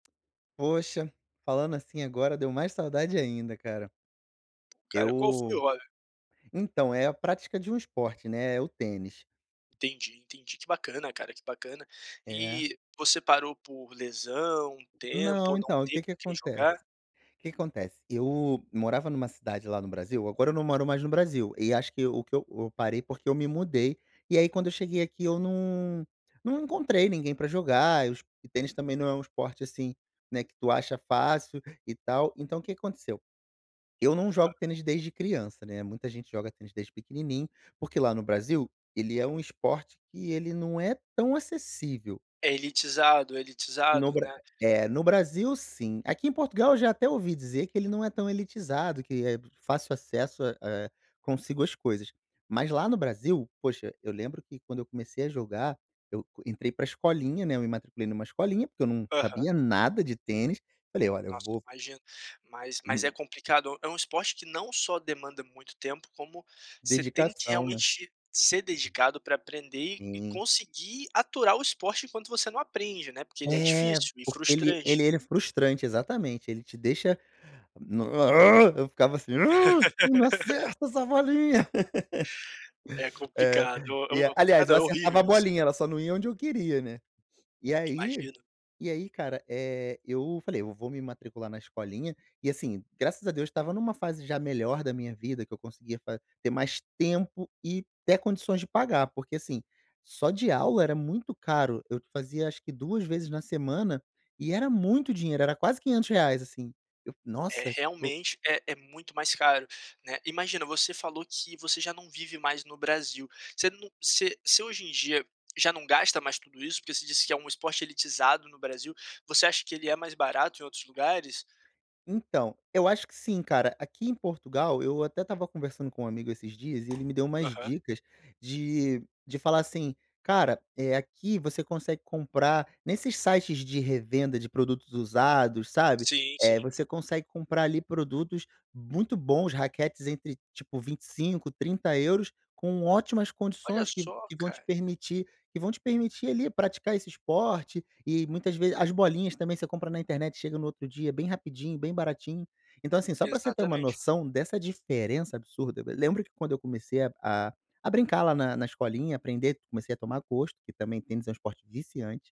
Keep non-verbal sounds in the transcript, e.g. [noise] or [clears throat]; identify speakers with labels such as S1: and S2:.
S1: Poxa, falando assim agora, deu mais saudade ainda, cara.
S2: Cara, qual foi o
S1: Eu
S2: hobby?
S1: então, é a prática de um esporte, né, é o tênis.
S2: Entendi, entendi. Que bacana cara, que bacana.
S1: É.
S2: E você parou por lesão, tempo
S1: Não,
S2: ou não
S1: então,
S2: ter
S1: que que
S2: com quem
S1: acontece
S2: jogar?
S1: que que acontece, eu morava numa cidade lá no Brasil, agora eu não moro mais no Brasil, e acho que o que eu eu parei, porque eu me mudei, e aí quando eu cheguei aqui eu não não encontrei ninguém pra jogar, os e tênis também não é um esporte, assim, né, que tu acha fácil, e tal. Então o que que aconteceu, eu não
S2: Hã.
S1: jogo tênis de desde criança, né, muita gente joga tênis desde pequenininho, porque lá no Brasil, ele é um esporte que ele não é tão acessível.
S2: É elitizado,
S1: No
S2: elitizado,
S1: Bra
S2: né.
S1: é, no Brasil sim, aqui em Portugal eu já até ouvi dizer que ele não é tão elitizado, que é fácil acesso a, eh, consigo as coisas. Mas lá no Brasil, poxa, eu lembro que quando eu comecei a jogar, eu entrei para escolinha, né, eu me matriculei numa escolinha, porque eu não
S2: Aham.
S1: sabia nada de tênis, falei: "olha, eu
S2: Nossa,
S1: vou"
S2: imagino. Mas mas é
S1: [clears throat]
S2: complicado, é um esporte que não só demanda muito tempo, como você tem que,
S1: Dedicação, né.
S2: realmente, ser dedicado pra aprender e e
S1: Sim.
S2: conseguir aturar o esporte enquanto você não aprende, né, porque ele é
S1: É,
S2: difícil e
S1: porque ele
S2: frustrante.
S1: ele era frustrante, exatamente, ele te deixa, n eu ficava assim: "eu não
S2: [laughs]
S1: acerto essa bolinha". [laughs]
S2: É
S1: É,
S2: complicado,
S1: e
S2: o o
S1: a
S2: é
S1: aliás,
S2: complicado
S1: eu
S2: não, é
S1: acertava a
S2: horrível isso.
S1: bolinha, ela só não ia onde eu queria, né. E aí
S2: Imagino.
S1: e aí cara, eh, eu falei: "eu vou me matricular na escolinha" e assim, graças a Deus estava numa fase já melhor da minha vida, que eu conseguia fa ter mais tempo e até condições de pagar, porque assim, só de aula, era muito caro. Eu fazia acho que 2 vezes na semana, e era muito dinheiro, era quase R$500, assim. Eu:
S2: É,
S1: "nossa, tipo"
S2: realmente é é muito mais caro, né. Imagina, você falou que você já não vive mais no Brasil, você não você você hoje em dia já não gasta mais tudo isso? Porque você disse que é um esporte elitizado no Brasil, você acha que ele é mais barato em outros lugares?
S1: Então, eu acho que sim, cara. Aqui em Portugal, eu até estava conversando com um amigo esses dias, e ele me deu umas
S2: Aham.
S1: dicas de de falar assim: "cara, eh, aqui você consegue comprar, nesses sites de revenda de produtos usados, sabe,
S2: Sim,
S1: eh,
S2: sim.
S1: você consegue comprar ali produtos muito bons, raquetes entre tipo 25, 30 €, com ótimas
S2: Olha
S1: condições, que
S2: só
S1: que vão te
S2: cara.
S1: permitir que vão te permitir, ali, praticar esse esporte. E muitas vezes as bolinhas também, você compra na internet, chega no outro dia, bem rapidinho, bem baratinho". Então assim, só pra você ter uma
S2: Exatamente.
S1: noção dessa diferença absurda lembra que quando eu comecei a a a brincar lá na na escolinha, aprender, comecei a tomar gosto, que também tênis é um esporte viciante